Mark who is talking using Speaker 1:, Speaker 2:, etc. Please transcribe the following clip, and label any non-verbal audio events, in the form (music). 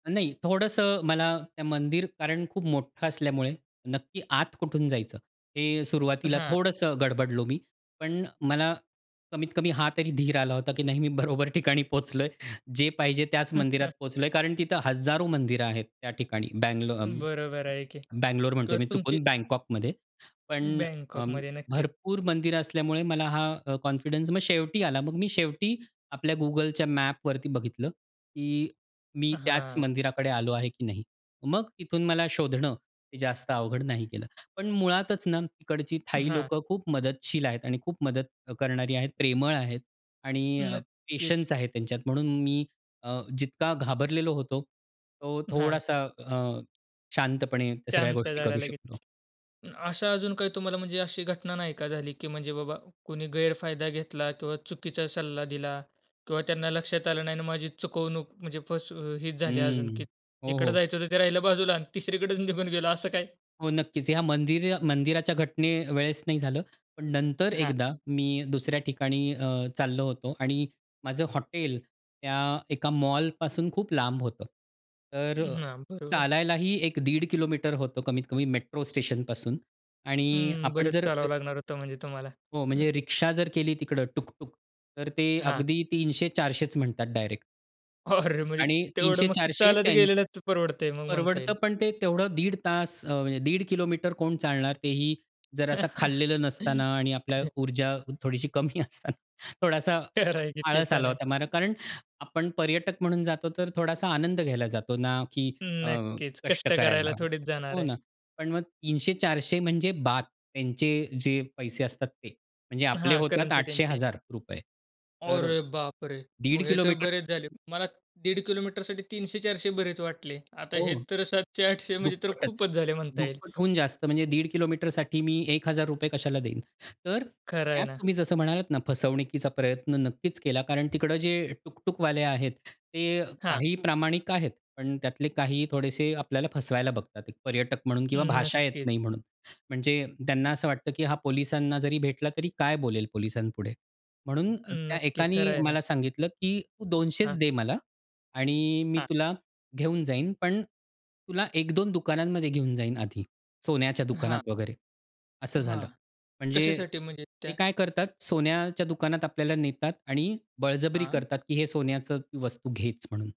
Speaker 1: नाही थोडंसं मला त्या मंदिर कारण खूप मोठं असल्यामुळे, नक्की आत कुठून जायचं? हे सुरुवातीला
Speaker 2: हां.
Speaker 1: थोडंसं गडबडलो मी. पण मला कमीत-कमी हा तरी धीर आला होता की नाही मी बरोबर ठिकाणी पोहोचलोय. जे पाहिजे त्याच मंदिरात
Speaker 2: (chuckles)
Speaker 1: पोहोचलोय. कारण तिथं हजारो मंदिरं आहेत त्या ठिकाणी. बंगलो अ,
Speaker 2: बरोबर आहे की.
Speaker 1: बंगलोर म्हणतोय
Speaker 2: किंवा
Speaker 1: मी
Speaker 2: तुमची
Speaker 1: चुकून, बँकॉकमध्ये. पण अ,
Speaker 2: बँकॉकमध्ये. नक्कीच.
Speaker 1: भरपूर मंदिर असल्यामुळे मला हा अ, कॉन्फिडन्स मग शेवटी आला. मग मी शेवटी आपल्या गुगलच्या मॅपवरती बघितलं, की "मी त्याच
Speaker 2: हां.
Speaker 1: मंदिराकडे आलो आहे की नाही?" मग इथून मला शोधणं, हे जास्त अवघड नाही गेलं. पण मुळातच ना तिकडची थाई
Speaker 2: हां.
Speaker 1: लोकं खूप मदतशील आहेत आणि खूप मदत करणारी आहेत, प्रेमळ आहेत. आणि अ,
Speaker 2: नक्कीच.
Speaker 1: पेशन्स आहेत त्यांच्यात म्हणून मी अ, जितका घाबरलेलो होतो, तो
Speaker 2: हां.
Speaker 1: थोडासा अ, शांतपणे त्या सगळ्या
Speaker 2: शांत
Speaker 1: गोष्टी
Speaker 2: झालं
Speaker 1: करू
Speaker 2: लगेच.
Speaker 1: शकलो.
Speaker 2: अशा अजून काही तुम्हाला म्हणजे अशी घटना नाही का झाली, की म्हणजे बाबा कोणी गैरफायदा घेतला? किंवा चुकीचा सल्ला दिला? किंवा त्यांना लक्षात आलं नाही आणि माझी चुकवणूक म्हणजे फस अ, हीच झाली अजून की
Speaker 1: हं. हो,
Speaker 2: जिकडे
Speaker 1: हो.
Speaker 2: जायचं होतं ते राहिलं बाजूला आणि तिसरीकडेच निघून गेलं असं काय?
Speaker 1: हो नक्कीच. ह्या मंदिर मंदिराच्या घटनेवेळेस नाही झालं. पण नंतर
Speaker 2: हां.
Speaker 1: एकदा मी दुसऱ्या ठिकाणी अ, चाललो होतो आणि माझं हॉटेल त्या एका मॉलपासून खूप लांब होतं. तर
Speaker 2: हां. बरोबर.
Speaker 1: चालायलाही 1 दीड होतं कमीत-कमी मेट्रो स्टेशनपासून. आणि
Speaker 2: हं.
Speaker 1: आपण
Speaker 2: बरच
Speaker 1: जर अ
Speaker 2: चालावं लागणार होतं म्हणजे तुम्हाला.
Speaker 1: हो
Speaker 2: (chuckles)
Speaker 1: म्हणजे रिक्षा जर केली तिकडं टुक-टुक तर ते
Speaker 2: हां.
Speaker 1: अगदी 300 400 म्हणतात डायरेक्ट.
Speaker 2: अरे! म्हणजे
Speaker 1: आणि
Speaker 2: तेवढं
Speaker 1: तीनशे
Speaker 2: मग ते
Speaker 1: चारशे
Speaker 2: चालत
Speaker 1: त्यान
Speaker 2: गेलेलाच परवडतंय मग म्हणता
Speaker 1: परवडतं.
Speaker 2: येईल.
Speaker 1: पण ते तेवढं दीड तास अ, म्हणजे 1.50 किलोमीटर कोण चालणार? तेही जरा असं खाल्लेलं नसताना आणि आपला
Speaker 2: (chuckles)
Speaker 1: ऊर्जा थोडीशी कमी असताना. थोडासा आ
Speaker 2: खरं आहे की ते
Speaker 1: आळस
Speaker 2: पण
Speaker 1: आला
Speaker 2: आहे.
Speaker 1: होता मला. कारण, आपण पर्यटक म्हणून जातो तर थोडासा आनंद घ्यायला जातो, ना की अ,
Speaker 2: नक्कीच.
Speaker 1: कष्ट
Speaker 2: कष्ट
Speaker 1: करायला.
Speaker 2: करायला थोडीच जाणार
Speaker 1: हो
Speaker 2: आहे.
Speaker 1: ना. पण मग 300-400 म्हणजे बात, त्यांचे जे पैसे असतात ते. म्हणजे आपले
Speaker 2: हां,
Speaker 1: होतात
Speaker 2: करंसी
Speaker 1: आठशे
Speaker 2: त्यांची.
Speaker 1: हजार रुपये. तर
Speaker 2: अरे बापरे!
Speaker 1: दीड
Speaker 2: मग हे तर
Speaker 1: किलोमीटर
Speaker 2: बरेच झाले. मला दीड किलोमीटरसाठी 300-400 बरेच वाटले. आता हे
Speaker 1: हो.
Speaker 2: तर 700-800 म्हणजे तर
Speaker 1: दुप्पटच.
Speaker 2: खूपच झाले म्हणता येईल.
Speaker 1: दुप्पटहून जास्त. म्हणजे 1.50 किलोमीटर साठी मी ₹1000 रुपये कशाला देईन? तर
Speaker 2: खरं आहे
Speaker 1: त्यात
Speaker 2: ना.
Speaker 1: तुम्ही जसं म्हणालात ना फसवणुकीचा प्रयत्न नक्कीच केला, कारण तिकडं जे टुक-टुकवाले आहेत, ते
Speaker 2: हां.
Speaker 1: काही प्रामाणिक आहेत, पण त्यातले काही थोडेसे आपल्याला फसवायला बघतात. पर्यटक म्हणून किंवा भाषा येत
Speaker 2: नक्कीच.
Speaker 1: नाही म्हणून. म्हणजे त्यांना असं वाटतं की हा पोलिसांना जरी भेटला तरी काय बोलेल पोलिसांपुढे? म्हणून अ, त्या
Speaker 2: नक्की. खरं
Speaker 1: एकाने
Speaker 2: आहे ना.
Speaker 1: मला सांगितलं, की तू 200च
Speaker 2: हां.
Speaker 1: दे मला आणि मी
Speaker 2: हां.
Speaker 1: तुला घेऊन जाईन, पण, तुला 1 2 दुकानांमध्ये घेऊन जाईन आधी. सोन्याच्या
Speaker 2: हां.
Speaker 1: दुकानात, वगैरे. असं
Speaker 2: हां.
Speaker 1: झालं. म्हणजे
Speaker 2: कशासाठी? म्हणजे
Speaker 1: ते
Speaker 2: त्या
Speaker 1: काय करतात? सोन्याच्या दुकानात आपल्याला नेतात आणि बळजबरी
Speaker 2: हां.
Speaker 1: करतात की हे सोन्याचं वस्तू घेच म्हणून.